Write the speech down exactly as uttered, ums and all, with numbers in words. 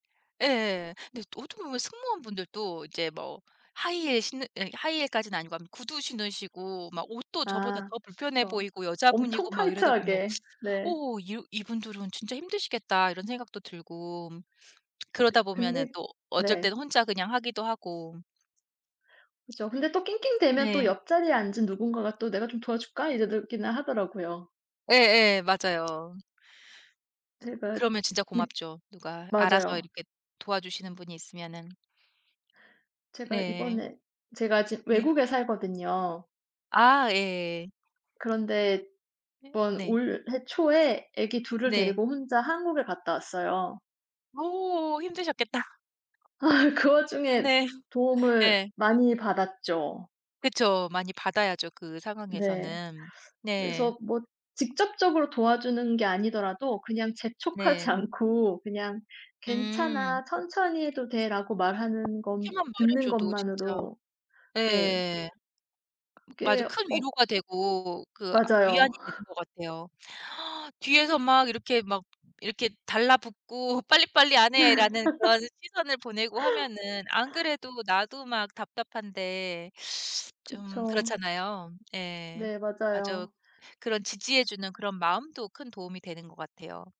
예예. 근데 어떻게 보면 승무원 분들도 이제 뭐 하이힐 신는 예 하이힐까지는 아니고 암 구두 신으시고 막 옷도 저보다 아 더 불편해 그쵸. 보이고 엄청 여자분이고 막 이러다 보면 타이트하게. 네. 어 '이 이분들은 진짜 힘드시겠다.' 이런 생각도 들고 그 그러다 보면은 근데 또 어쩔 네. 때는 혼자 그냥 하기도 하고. 그죠. 근데 또 낑낑대면 또 네. 옆자리에 앉은 누군가가 또 "내가 좀 도와줄까?" 이저러기는 하더라고요. 예예 맞아요. 제가 그러면 진짜 이 고맙죠. 누가 알아서 맞아요. 이렇게 도와주시는 분이 있으면은. 제가 네. 이번에 제가 지금 네. 외국에 살거든요. 아 예예. 그런데 예 이번 네. 올해 초에 아기 둘 을 네. 데리고 혼자 한국에 갔다 왔어요. 오 힘드셨겠다. 아 그 와중에 네. 도움을 예. 많이 받았죠. 그쵸. 많이 받아야죠, 그 네. 상황에서는. 네. 그래서 뭐 직접적으로 도와주는 게 아니더라도 그냥 재촉하지 네. 않고 그냥 음. "괜찮아. 천천히 해도 돼."라고 어 말하는 건 그렇게만 말해 듣는 줘도 진짜 것만으로 네. 예. 맞아요. 그게 큰 어 위로가 되고 그 위안이 맞아요. 되는 것 같아요. 뒤에서 막 이렇게 막 이렇게 달라붙고 '빨리빨리 안 해.'라는 그런 시선을 보내고 하면은 안 그래도 나도 막 답답한데 좀 그쵸. 그렇잖아요. 예. 네 맞아요. 맞아요. 그런 지지해 주는 그런 마음도 큰 도움이 되는 것 같아요.